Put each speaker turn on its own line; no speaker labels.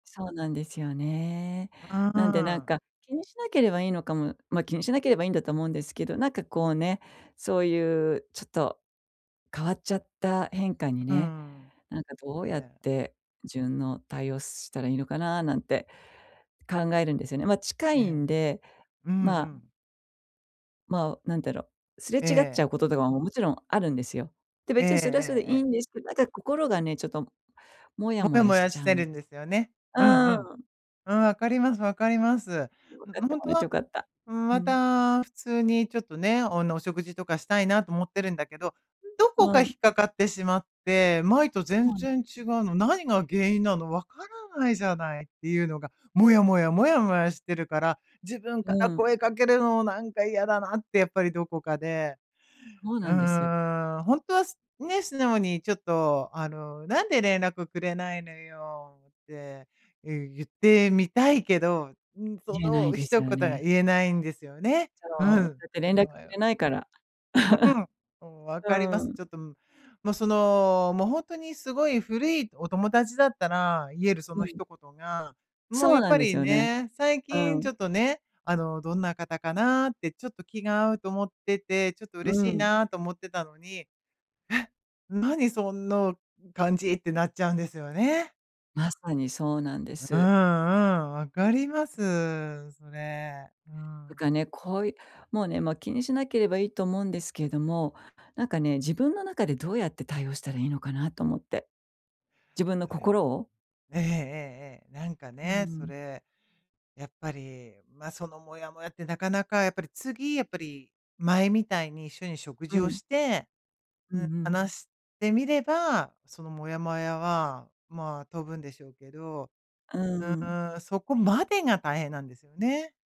そうなんですよね。
あ
なんでなん
あ。
か、気にしなければいいのかもま、気にしなければいいんだと思うんですけど、なんかこうね、そういうちょっと、変わっちゃった変化に
うー
ね、
ん。
なんかどう
い
やっ
や。
て、順応、対応したらいいのかななんて考えるんですよね。まあ近
え
い
え、
んで、
うんう
まあ。
ん。
まあ、なんだろ、すれ
え
違っちゃ
え。
うこととかも、もちろんあるんですよ。で、
えええ
別にそれはそれで
え
いい
ええ。
んですけど、なんか心がね、ちょっともや
も
も
や
や
も
し
や
ち
し
ゃ
て
うん
る
で
んで
す。
すよね。
う
うんう
ー
ん。
ん。
うん、分かります、分かります。
分か
も
っ
う
て
ほん
も
と
らって
は、
良かった。
うーん、
う
ま
ん。
た普通にちょっとね、あのお食事とかしたいなと思ってるんだけど、どこか
う
引
ん。
っかかってしまって、前と
そ
全
うなんで
然
す。
違うの、何が原因なの、分からないじゃないっていうのが、もやもやもやもやしてるから、自分か
う
ら
ん。
声かけるのもなんか嫌だなってやっぱりどこかで。
そう
う
なんです。
ーん、ほんとはすね、素直にちょっとあの「なんで連絡くれないのよ」って、ゆゆってみたいけど、うーん、そ
言えな
の
いです
一
よ
言が
ね。
言えないんですよね。う
そう、
ん、
だって
すご
連絡く
いわ。
れないから。
う ん。お、分
う
かりま
ー
す。
ん。
ちょっともうそのもうほんとにすごい古いお友達だったら言えるそ
う
の
ん。
一言が、もう
そう
やっ
なん
ぱ
です
り
よね。
ね、最
う
近ち
ん。
ょっとね、あのどんな方かなってちょっと気が合うと思ってて、ちょっと
う
嬉しい
ん。
なと思ってたのに。え、何そんの感じってなっちゃうんですよね。
まさにそうなんで
うん
す。
うん、分かります、それ。う
と
ん。
かね、こういうもうね、もう気にしなければいいと思うんですけども、なんかね、自分の中でどうやって対応したらいいのかなと思って。自分の
それは
心を。
ええええええ、なんか
うー
ね、そ
ん。
れ、やっぱりま、そのもやもやってなかなかやっぱり次、やっぱり、前みたいに一緒に食
う
事を
ん。
して、
うん
う
う
ーん、
ん。
話してみれば、そのもやもやはまあ飛ぶんでしょうけど、
うー
う
ん。
ーん、そこまでが大変なんですよね。